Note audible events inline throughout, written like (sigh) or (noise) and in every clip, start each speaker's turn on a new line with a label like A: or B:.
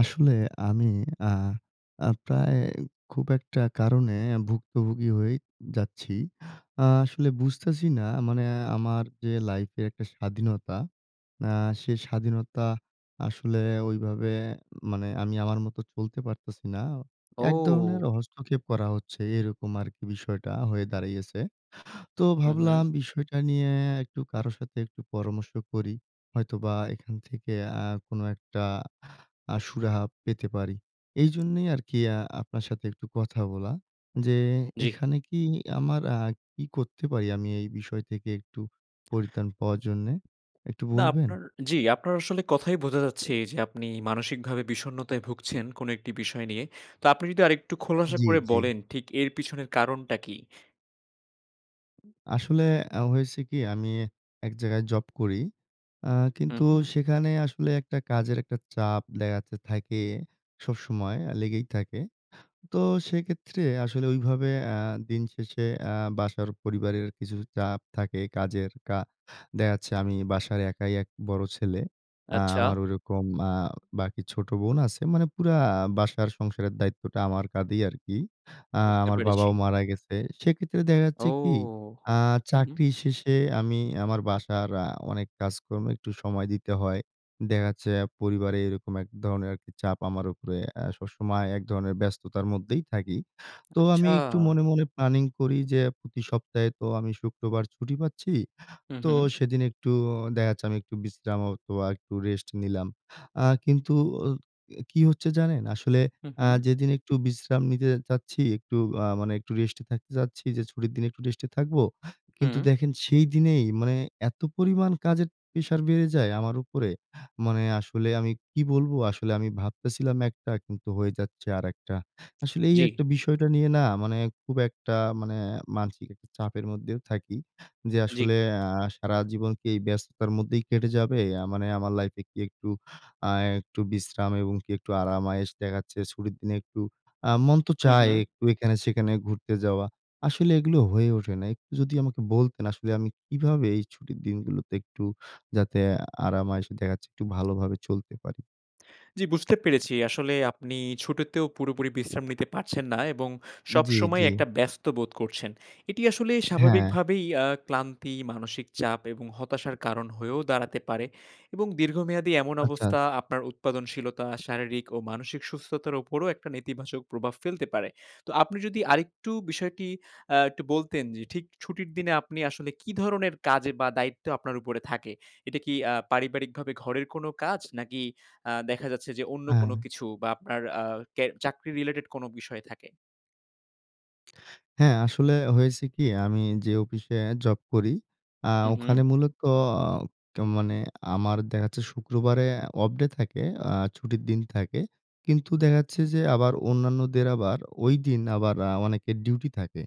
A: আসলে আমি আ আ প্রায় খুব একটা কারণে ভুক্তভোগী হয়ে যাচ্ছি। আ আসলে বুঝতেছি না মানে আমার যে লাইফের একটা স্বাধীনতা। আ সে স্বাধীনতা আসলে ওইভাবে মানে আমি আমার মতো চলতে পারতেছি না। আ এক ধরনের
B: ও।
A: হস্তক্ষেপ করা হচ্ছে, এরকম আরকি বিষয়টা হয়ে দাঁড়িয়েছে। তো
B: হু, হু।
A: ভাবলাম বিষয়টা নিয়ে একটু কারো সাথে একটু পরামর্শ করি। হয়তোবা এখান থেকে আ কোন একটা আ সুরাহা পেতে পারি। এইজন্যই আরকি আ আপনার সাথে একটু কথা বলা যে,
B: জ্বী।
A: এখানে কি আমার আ কি করতে পারি আমি এই বিষয় থেকে একটু পরিত্রান পাওয়ার জন্যে? একটু
B: না,
A: বলবেন?
B: আপনার জ্বী, আপনার আসলে কথাই বোঝা যাচ্ছে এইযে, আপনি মানসিকভাবে বিষণ্ণতায় ভুগছেন কোন একটি বিষয় নিয়ে। তো আপনি যদি আরেকটু খোলাসা
A: জ্বী,
B: করে
A: জ্বী।
B: বলেন ঠিক এর পিছনের কারণটা কী?
A: আসলে আ হয়েছে কি? আমি এক জায়গায় জব করি। আ
B: হু,
A: কিন্তু
B: হু।
A: সেখানে আসলে একটা কাজের একটা চাপ দেখা যাচ্ছে থাকে সবসময় অ্যা লেগেই থাকে। তো সেক্ষেত্রে আসলে ঐভাবে আ দিনশেষে আ বাসার পরিবারের কিছু চাপ থাকে কাজের কা দেখা যাচ্ছে আমি বাসার একাই এক বড় ছেলে। আ
B: আচ্ছা।
A: আমার ওরকম আ বাকি ছোট বোন আছে। মানে পুরা বাসার সংসারের দায়িত্বটা আমার কাধেই আরকি। আ
B: বুঝতে
A: আমার
B: পেরেছি।
A: বাবাও মারা গেছে। সেক্ষেত্রে দেখা
B: ও।
A: যাচ্ছে কি? আ
B: হুম।
A: চাকরি শেষে আমি আমার বাসার আ অনেক কাজকর্ম একটু সময় দিতে হয়। দেখা যাচ্ছে পরিবারে এরকম এক ধরনের আরকি চাপ আমার উপরে এ সবসময় এক ধরনের ব্যস্ততার মধ্যেই থাকি। তো আমি
B: আচ্ছা।
A: একটু মনে, মনে প্ল্যানিং করি যে, প্রতি সপ্তাহে তো আমি শুক্রবার ছুটি পাচ্ছি।
B: হু,
A: তো
B: হু।
A: সেদিন একটু অ দেখা যাচ্ছে আমি একটু বিশ্রাম হয়তোবা একটু রেস্ট নিলাম। আ কিন্তু আ অ কি হচ্ছে জানেন? আসলে
B: হু,
A: আ
B: হু।
A: যেদিন একটু বিশ্রাম নিতে যে যাচ্ছি, একটু আ মানে একটু রেস্টে থাকতে চাচ্ছি যে, ছুটির দিন একটু রেস্টে থাকবো। কিন্তু
B: হু।
A: দেখেন সেই দিনেই মানে এত পরিমাণ কাজের প্রেশার বেড়ে যায় আমার উপরে। মানে আসলে আমি কি বলবো আসলে? আমি ভাবতেছিলাম একটা, কিন্তু হয়ে যাচ্ছে আরেকটা। আসলে এই
B: জ্বী।
A: একটা বিষয়টা নিয়ে না মানে খুব একটা মানে মানসিক একটা চাপের মধ্যেও থাকি। যে
B: জ্বী।
A: আসলে আ সারা জীবন কি এই ব্যস্ততার মধ্যেই কেটে যাবে? আ মানে আমার লাইফে কি একটু আ একটু বিশ্রাম এবং কি একটু আরাম আয়েশ দেখা যাচ্ছে ছুটির দিনে একটু আ মন তো
B: হু,
A: চায়
B: হু।
A: একটু এখানে সেখানে ঘুরতে যাওয়া। আসলে এগুলো হয়ে ওঠে না। একটু যদি আমাকে বলতেন আসলে, আমি কিভাবে এই ছুটির দিনগুলোতে একটু যাতে আ আরাম আয়েশে দেখা যাচ্ছে একটু ভালোভাবে চলতে পারি?
B: জ্বি বুঝতে পেরেছি। আসলে আপনি ছুটিতেও পুরোপুরি বিশ্রাম নিতে পারছেন না এবং
A: জ্বী,
B: সবসময়
A: জ্বী।
B: একটা ব্যস্ত বোধ করছেন। এটি আসলে
A: হ্যাঁ।
B: স্বাভাবিকভাবেই আ ক্লান্তি, মানসিক চাপ এবং হতাশার কারণ হয়েও দাঁড়াতে পারে। এবং দীর্ঘমেয়াদী এমন
A: আচ্ছা।
B: অবস্থা আপনার উৎপাদনশীলতা, শারীরিক ও মানসিক সুস্থতার উপরও একটা নেতিবাচক প্রভাব ফেলতে পারে। তো আপনি যদি আরেকটু বিষয়টি অ্যা একটু বলতেন যে ঠিক ছুটির দিনে আপনি আসলে কি ধরনের কাজে বা দায়িত্ব আপনার উপরে থাকে? এটা কি অ্যা পারিবারিকভাবে ঘরের কোনো কাজ? নাকি আ দেখা যাচ্ছে যে অন্য কোনো
A: হ্যাঁ।
B: কিছু? বা আপনার আ ক্যা চাকরি রিলেটেড কোনো বিষয় থাকে?
A: হ্যাঁ, আসলে হয়েছে কি? আমি যে অফিসে জব করি আ
B: হু,
A: ওখানে
B: হু।
A: মূলত আ মানে আমার দেখাচ্ছে শুক্রবারে অফ ডে থাকে, আ ছুটির দিন থাকে। কিন্তু দেখাচ্ছে যে আবার অন্যান্যদের আবার ঐদিন আবার আ অনেকের ডিউটি থাকে।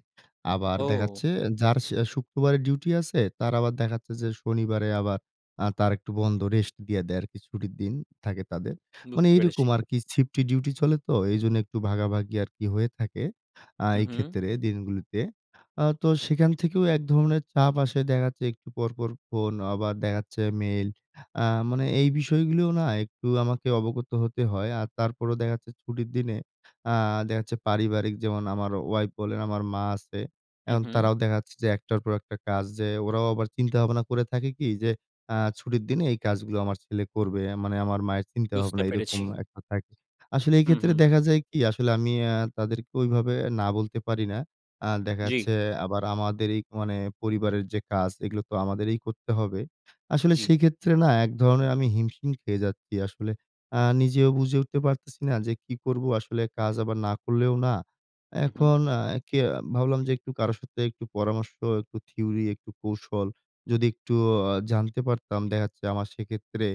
A: আবার
B: ও!
A: দেখাচ্ছে যার শ শুক্রবারে ডিউটি আছে তার আবার দেখাচ্ছে যে শনিবারে আবার আ তার একটু বন্ধ, রেস্ট দিয়া দেয় আরকি ছুটির দিন থাকে তাদের। মানে
B: বুঝতে
A: এইরকম
B: পেরেছি।
A: আরকি শিফটলি ডিউটি চলে তো এইজন্য একটু ভাগাভাগি আরকি হয়ে থাকে আ
B: হু,
A: এই
B: হু।
A: ক্ষেত্রে দিনগুলোতে। আ তো সেখান থেকেও এক ধরনের চাপ আসে। দেখাচ্ছে একটু পরপর ফোন, আবার দেখাচ্ছে মেইল। আ মানে এই বিষয়গুলোও না একটু আমাকে অবগত হতে হয়। আর তারপরও দেখাচ্ছে ছুটির দিনে আ দেখাচ্ছে পারিবারিক যেমন আমার ওয়াইফ বলেন, আমার মা আছে।
B: হু,
A: এখন
B: হু।
A: তারাও দেখাচ্ছে যে একটার পর একটা কাজ, যে ওরাও আবার চিন্তাভাবনা করে থাকে কি? যে ,"আ ছুটির দিনে এই কাজগুলো আমার ছেলে করবে।" মানে আমার মায়ের চিন্তাভাবনা
B: বুঝতে
A: এরকম
B: পেরেছি।
A: একটা থাকে। আসলে
B: হু,
A: এইক্ষেত্রে
B: হু।
A: দেখা যায় কি? আসলে আমি অ্যা তাদেরকে ওইভাবে না বলতে পারি না। আ
B: জ্বি।
A: দেখাচ্ছে আবার আমাদেরই মানে পরিবারের যে কাজ এগুলো তো আমাদেরই করতে হবে। আসলে
B: জি।
A: সেক্ষেত্রে না এক ধরনের আমি হিমশিম খেয়ে যাচ্ছি। আসলে আ নিজেও বুঝে উঠতে পারতেছি না যে কি করব? আসলে কাজ আবার না করলেও না।
B: হু, হু।
A: এখন অ্যা কে ভাবলাম যে একটু কারো সাথে একটু পরামর্শ, একটু থিওরি, একটু কৌশল, যদি একটুও জানতে পারতাম দেখাচ্ছে আমার সেক্ষেত্রে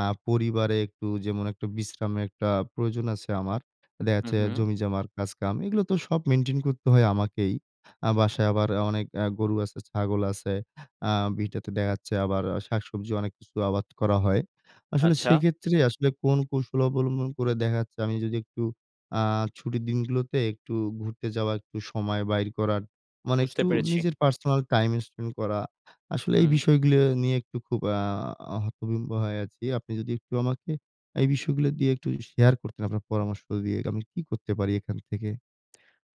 A: আ পরিবারে একটু যেমন একটু বিশ্রামের একটা প্রয়োজন আছে আমার।
B: হু,
A: দেখাচ্ছে
B: হু।
A: জমিজমার কাজকাম, এগুলো তো সব মেইনটেইন করতে হয় আমাকেই। আ বাসায় আবার অনেক আ গরু আছে, ছাগল আছে, আ ভিটাতে দেখাচ্ছে আবার শাকসবজি অনেক কিছু আবাদ করা হয়। আসলে
B: আচ্ছা।
A: সেক্ষেত্রে আসলে কোন কৌশল অবলম্বন করে দেখা যাচ্ছে আমি যদি একটু আ ছুটির দিনগুলোতে একটু ঘুরতে যাওয়া, একটু সময় বাইর করার মানে
B: বুঝতে
A: একটু
B: পেরেছি।
A: নিজের পার্সোনাল টাইম স্পেন্ড করা, আসলে এই
B: হুম।
A: বিষয়গুলো নিয়ে একটু খুব আ হতভম্ব হয়ে আছি। আপনি যদি একটু আমাকে এই বিষয়গুলো দিয়ে একটু শেয়ার করতেন আপনার পরামর্শ দিয়ে আমি কী করতে পারি এখান থেকে?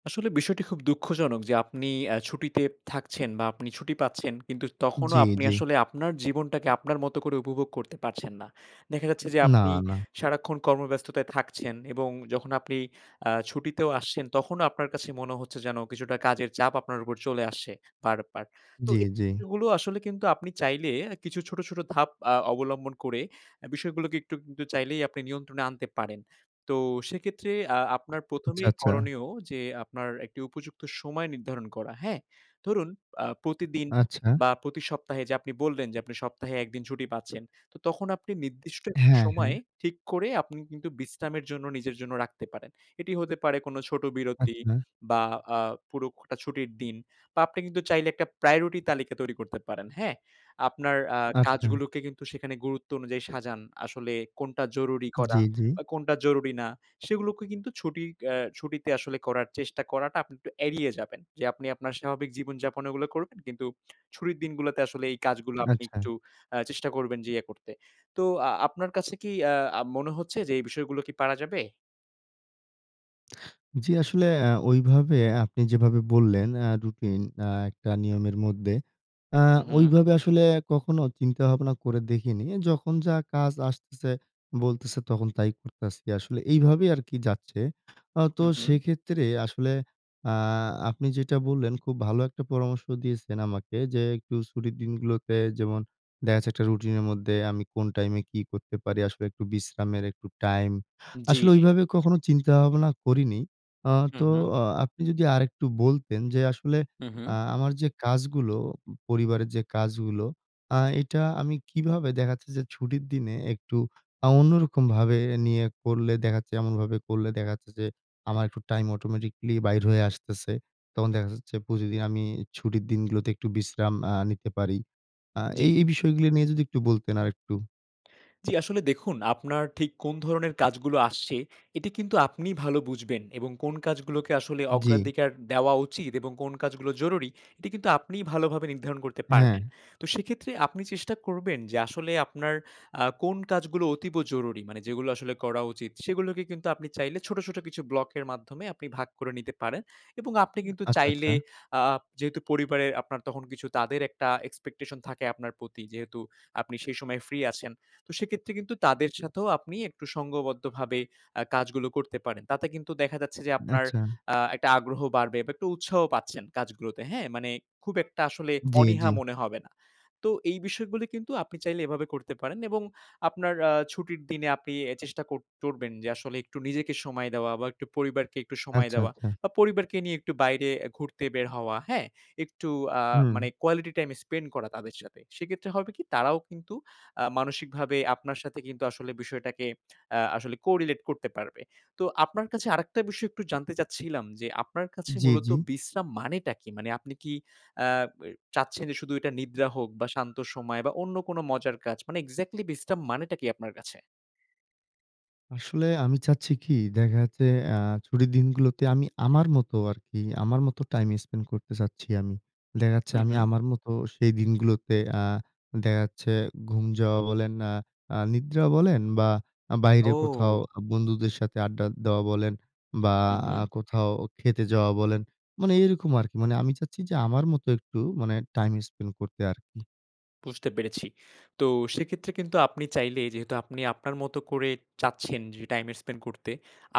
B: আসলে বিষয়টি খুব দুঃখজনক যে আপনি আ ছুটিতে থাকছেন বা আপনি ছুটি পাচ্ছেন কিন্তু তখনও
A: জি,
B: আপনি
A: জি।
B: আসলে আপনার জীবনটাকে আপনার মতো করে উপভোগ করতে পারছেন না। দেখা যাচ্ছে যে
A: না,
B: আপনি
A: না।
B: সারাক্ষণ কর্মব্যস্ততায় থাকছেন এবং যখন আপনি আ ছুটিতেও আসছেন তখনও আপনার কাছে মনে হচ্ছে যেন কিছুটা কাজের চাপ আপনার উপর চলে আসছে বারবার। তো
A: জি, জি।
B: এগুলো আসলে কিন্তু আপনি চাইলে কিছু ছোট, ছোট ধাপ আ অবলম্বন করে বিষয় গুলোকে একটু কিন্তু চাইলেই আপনি নিয়ন্ত্রণে আনতে পারেন। তো সেক্ষেত্রে আ আপনার
A: আচ্ছা,
B: প্রথমেই
A: আচ্ছা।
B: করণীয় যে আপনার একটি উপযুক্ত সময় নির্ধারণ করা, হ্যাঁ? ধরুন আ প্রতিদিন
A: আচ্ছা।
B: বা প্রতি সপ্তাহে যে আপনি বললেন যে আপনি সপ্তাহে ১ দিন ছুটি পাচ্ছেন তো তখন আপনি নির্দিষ্ট
A: হ্যাঁ, হ্যাঁ।
B: সময়ে ঠিক করে আপনি কিন্তু বিশ্রামের জন্য নিজের জন্য রাখতে পারেন। এটি হতে পারে কোন ছোট বিরতি
A: আচ্ছা।
B: বা আ পুরো খটা ছুটির দিন বা আপনি কিন্তু চাইলে ১ টা priority তালিকা তৈরি করতে পারেন, হ্যাঁ? আপনার আ
A: আচ্ছা।
B: কাজগুলোকে কিন্তু সেখানে গুরুত্ব অনুযায়ী সাজান। আসলে কোনটা জরুরি
A: জি,
B: করা
A: জি।
B: বা কোনটা জরুরি না? সেগুলোকে কিন্তু ছুটি অ্যা ছুটিতে আসলে করার চেষ্টা করাটা আপনি একটু এড়িয়ে যাবেন। যে আপনি আপনার স্বাভাবিক জীবনযাপন ওগুলো করবেন কিন্তু ছুটির দিনগুলাতে আসলে এই কাজগুলা আপনি
A: আচ্ছা।
B: একটু আ চেষ্টা করবেন যে ইয়ে করতে। তো আ আপনার কাছে কী আ মনে হচ্ছে যে, এই বিষয়গুলো কী পারা যাবে?
A: (smacks lips) জি, আসলে অ্যা ওইভাবে আপনি যেভাবে বললেন অ্যা রুটিন অ্যা একটা নিয়মের মধ্যে অ্যা
B: হুম, হুম।
A: ঐভাবে আসলে কখনো চিন্তাভাবনা করে দেখিনি। যখন যা কাজ আসতেছে, বলতেছে তখন তাই করতেছি। আসলে এইভাবেই আরকি যাচ্ছে। আ তো
B: হুম, হুম।
A: সেক্ষেত্রে আসলে আ আপনি যেটা বললেন খুব ভালো একটা পরামর্শ দিয়েছেন আমাকে যে একটু ছুটির দিনগুলোতে যেমন দেখা গেছে একটা routine এর মধ্যে আমি কোন time এ কি করতে পারি? আসলে একটু বিশ্রামের একটু time।
B: জি,
A: আসলে
B: জি।
A: ঐভাবে কখনো চিন্তা ভাবনা করিনি। আ
B: হুম,
A: তো
B: হুম।
A: আ আপনি যদি আরেকটু বলতেন যে আসলে
B: হুম,
A: আ
B: হুম।
A: আমার যে কাজগুলো, পরিবারের যে কাজগুলো আ এটা আমি কিভাবে দেখা যাচ্ছে যে ছুটির দিনে একটু আ অন্যরকমভাবে নিয়ে করলে দেখাচ্ছে, এমনভাবে করলে দেখাচ্ছে যে আমার একটু time automatically বাইর হয়ে আসতেছে? তখন দেখা যাচ্ছে প্রতিদিন আমি ছুটির দিনগুলোতে একটু বিশ্রাম আ নিতে পারি। আ
B: জি।
A: এই এই বিষয়গুলো নিয়ে যদি একটু বলতেন আরেকটু।
B: জি, আসলে দেখুন আপনার ঠিক কোন ধরনের কাজগুলো আসছে এটি কিন্তু আপনি ভালো বুঝবেন এবং কোন কাজগুলোকে আসলে
A: জি।
B: অগ্রাধিকার দেওয়া উচিত এবং কোন কাজগুলো জরুরি এটি কিন্তু আপনি ভালোভাবে নির্ধারণ করতে পারবেন।
A: হ্যাঁ।
B: তো সেক্ষেত্রে আপনি চেষ্টা করবেন যে আসলে আপনার আ কোন কাজগুলো অতীব জরুরি? মানে যেগুলো আসলে করা উচিত সেগুলোকে কিন্তু আপনি চাইলে ছোট, ছোট কিছু ব্লকের মাধ্যমে আপনি ভাগ করে নিতে পারেন এবং আপনি কিন্তু
A: আচ্ছা, আচ্ছা।
B: চাইলে আ যেহেতু পরিবারের আপনার তখন কিছু তাদের একটা expectation থাকে আপনার প্রতি যেহেতু আপনি সেই সময় free আছেন। তো, সেক্ষেত্রে কিন্তু তাদের সাথেও আপনি একটু সংঘবদ্ধভাবে আ কাজগুলো করতে পারেন। তাতে কিন্তু দেখা যাচ্ছে যে আপনার
A: আচ্ছা।
B: আ একটা আগ্রহ বাড়বে বা একটু উৎসাহ পাচ্ছেন কাজগুলোতে। হ্যাঁ? মানে খুব একটা আসলে
A: জি, জি।
B: অনীহা মনে হবে না। তো এই বিষয়গুলো কিন্তু আপনি চাইলে এভাবে করতে পারেন এবং আপনার আ ছুটির দিনে আপনি এ চেষ্টা কর করবেন যে আসলে একটু নিজেকে সময় দেওয়া বা একটু পরিবারকে একটু সময়
A: আচ্ছা,
B: দেওয়া
A: আচ্ছা।
B: বা পরিবারকে নিয়ে একটু বাইরে আ ঘুরতে বের হওয়া, হ্যাঁ? একটু আ
A: হুম।
B: মানে কোয়ালিটি টাইম স্পেন্ড করা তাদের সাথে। সেক্ষেত্রে হবে কি তারাও কিন্তু আ মানসিকভাবে আপনার সাথে কিন্তু আসলে বিষয়টাকে আ আসলে corelate করতে পারবে। তো আপনার কাছে আরেকটা বিষয় একটু জানতে চাচ্ছিলাম যে আপনার কাছে
A: জি,
B: মূলত
A: জি।
B: বিশ্রাম মানেটা কি? মানে আপনি কি আ চাচ্ছেন যে শুধু এটা নিদ্রা হোক বা শান্ত সময় বা অন্য কোন মজার কাজ মানে exactly বিশ্রাম মানেটা কি আপনার কাছে?
A: আসলে আমি চাচ্ছি কী? দেখা যাচ্ছে আ ছুটির দিনগুলোতে আমি আমার মতো আরকি আমার মতো টাইম স্পেন্ড করতে চাচ্ছি আমি। দেখা যাচ্ছে
B: হুম,
A: আমি
B: হুম।
A: আমার মতো সেই দিনগুলোতে আ দেখা যাচ্ছে ঘুম যাওয়া বলেন, অ্যা আ নিদ্রা বলেন বা আ বাইরে কোথাও
B: ওহ!
A: আ বন্ধুদের সাথে আড্ডা দেওয়া বলেন বা
B: হুম, হুম।
A: কোথাও খেতে যাওয়া বলেন। মানে এরকম আরকি। মানে আমি চাচ্ছি যে আমার মতো একটু মানে টাইম স্পেন্ড করতে আরকি।
B: বুঝতে পেরেছি। তো সেক্ষেত্রে কিন্তু আপনি চাইলে যেহেতু আপনি আপনার মত করে চাচ্ছেন যে টাইম স্পেন্ড করতে।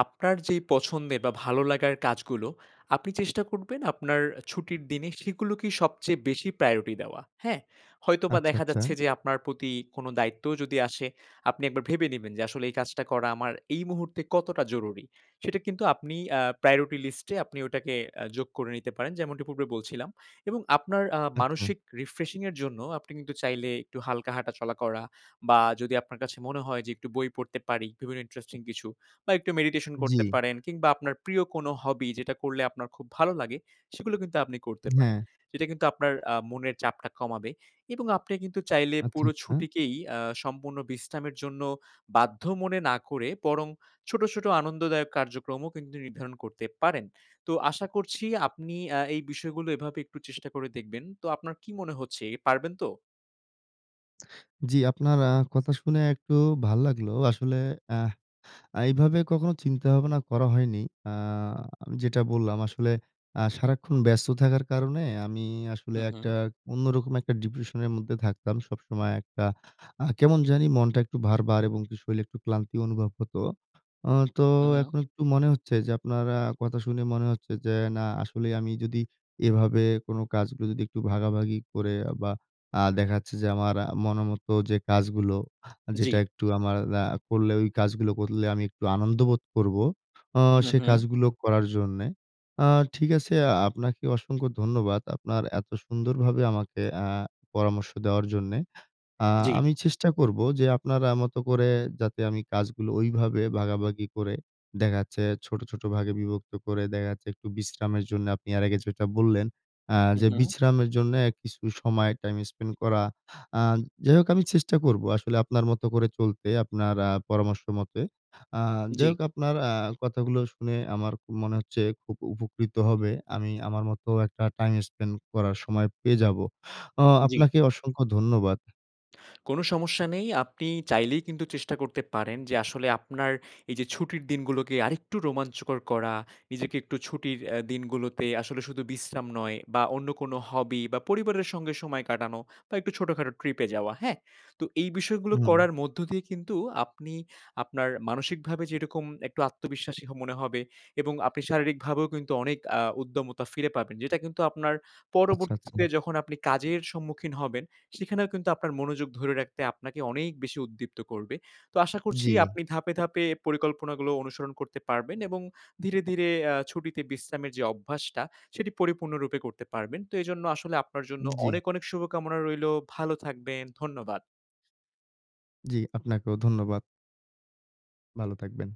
B: আপনার যেই পছন্দের বা ভালো লাগার কাজগুলো, আপনি চেষ্টা করবেন আপনার ছুটির দিনই সেগুলোকেই সবচেয়ে বেশি প্রায়োরিটি দেওয়া, হ্যাঁ? হয়তোবা
A: আচ্ছা,
B: দেখা
A: আচ্ছা।
B: যাচ্ছে যে আপনার প্রতি কোন দায়িত্বও যদি আসে, আপনি একবার ভেবে নিবেন যে, "আসলে এই কাজটা করা আমার এই মুহূর্তে কতটা জরুরি?" সেটা কিন্তু আপনি আ প্রায়োরিটি লিস্টে আপনি ওটাকে আ যোগ করে নিতে পারেন যেমনটি পূর্বে বলছিলাম। এবং আপনার আ
A: আচ্ছা।
B: মানসিক রিফ্রেশিং এর জন্য আপনি কিন্তু চাইলে একটু হালকা হাঁটা-চলা করা। বা যদি আপনার কাছে মনে হয় যে একটু বই পড়তে পারি বিভিন্ন ইন্টারেস্টিং কিছু বা একটু মেডিটেশন করতে
A: জি।
B: পারেন। কিংবা আপনার প্রিয় কোন হবি যেটা করলে আপনার খুব ভালো লাগে সেগুলো কিন্তু আপনি করতে পারেন।
A: হ্যাঁ।
B: সেটা কিন্তু আপনার আ মনের চাপটা কমাবে। এবং আপনি কিন্তু চাইলে
A: আচ্ছা,
B: পুরো
A: আচ্ছা।
B: ছুটিকেই আ সম্পূর্ণ বিশ্রামের জন্য বাধ্য মনে না করে বরং ছোট, ছোট আনন্দদায়ক কার্যক্রমও কিন্তু নির্ধারণ করতে পারেন। তো আশা করছি আপনি অ্যা এই বিষয়গুলো এভাবে একটু চেষ্টা করে দেখবেন। তো আপনার কী মনে হচ্ছে এ পারবেন তো?
A: জি। আপনার আ কথা শুনে একটু ভাল লাগলো। আসলে আহ আ এভাবে কখনো চিন্তা ভাবনা করা হয়নি। আ যেটা বললাম আসলে আ সারাক্ষণ ব্যস্ত থাকার কারণে আমি আসলে
B: হুম, হুম।
A: একটা অন্যরকম একটা ডিপ্রেশনের মধ্যে থাকতাম। সবসময় একটা আ কেমন জানি মনটা একটু ভার, ভার এবং কি শরীর একটু ক্লান্তি অনুভব হতো। আ তো
B: হু, হু।
A: এখন একটু মনে হচ্ছে যে আপনার আ কথা শুনে মনে হচ্ছে যে, না আসলে আমি যদি এভাবে কোন কাজগুলো যদি একটু ভাগাভাগি করে আ বা, দেখা যাচ্ছে যে আমার মনের মত যে কাজগুলো আ যেটা
B: জ্বি।
A: একটু আমার আ করলে ওই কাজগুলো করলে আমি একটু আনন্দ বোধ করবো। আ
B: হু,
A: সে
B: হু।
A: কাজগুলো করার জন্যে। আ ঠিক আছে, আ আপনাকে অসংখ্য ধন্যবাদ। আপনার এত সুন্দরভাবে আমাকে আ পরামর্শ দেওয়ার জন্যে। আ
B: জ্বি।
A: আমি চেষ্টা করবো যে আপনার আ মতো করে যাতে আমি কাজগুলো ঐভাবে ভাগাভাগি করে দেখা যাচ্ছে, ছোট, ছোট ভাগে বিভক্ত করে দেখা যাচ্ছে একটু বিশ্রামের জন্য আপনি আর আগে যেটা বললেন আ
B: হু, হু,
A: যে
B: হু।
A: বিশ্রামের জন্য কিছু সময় টাইম স্পেন্ড করা। আ যাই হোক আমি চেষ্টা করবো। আসলে আপনার মত করে চলতে। আপনার আ পরামর্শমতে। আ যাই
B: জ্বি।
A: হোক আপনার আ কথাগুলো শুনে আমার খু মনে হচ্ছে খুব উপকৃত হবে। আমি আমার মতো একটা টাইম স্পেন্ড করার সময় পেয়ে যাবো। আ
B: জ্বি।
A: আপনাকে অসংখ্য ধন্যবাদ।
B: কোন সমস্যা নেই। আপনি চাইলেই কিন্তু চেষ্টা করতে পারেন যে, আসলে আপনার এইযে ছুটির দিনগুলোকে আরেকটু রোমাঞ্চকর করা, নিজেকে একটু ছুটির অ্যা দিনগুলোতে আসলে শুধু বিশ্রাম নয় বা, অন্য কোনো হবি বা, পরিবারের সঙ্গে সময় কাটানো বা, একটু ছোটখাটো ট্রিপে যাওয়া। হ্যাঁ? তো এই বিষয়গুলো
A: হুম।
B: করার মধ্য দিয়ে কিন্তু আপনি আপনার মানসিকভাবে যেরকম একটু আত্মবিশ্বাসী মনে হবে এবং আপনি শারীরিকভাবেও কিন্তু অনেক আ উদ্যমতা ফিরে পাবেন। যেটা কিন্তু আপনার
A: আচ্ছা, আচ্ছা।
B: পরবর্তীতে যখন আপনি কাজের সম্মুখীন হবেন সেখানেও কিন্তু আপনার মনোযোগ ধরে রাখতে আপনাকে অনেক বেশি উদ্দীপ্ত করবে। তো আশা করছি
A: জ্বি।
B: আপনি ধাপে, ধাপে পরিকল্পনাগুলো অনুসরণ করতে পারবেন এবং ধীরে, ধীরে আ ছুটিতে বিশ্রামের যে অভ্যাসটা, সেটি পরিপূর্ণ রূপে করতে পারবেন। তো এজন্য আসলে আপনার জন্য
A: জ্বি।
B: অনেক, অনেক শুভকামনা রইলো। ভালো থাকবেন। ধন্যবাদ।
A: জ্বি। আপনাকেও ধন্যবাদ। ভালো থাকবেন।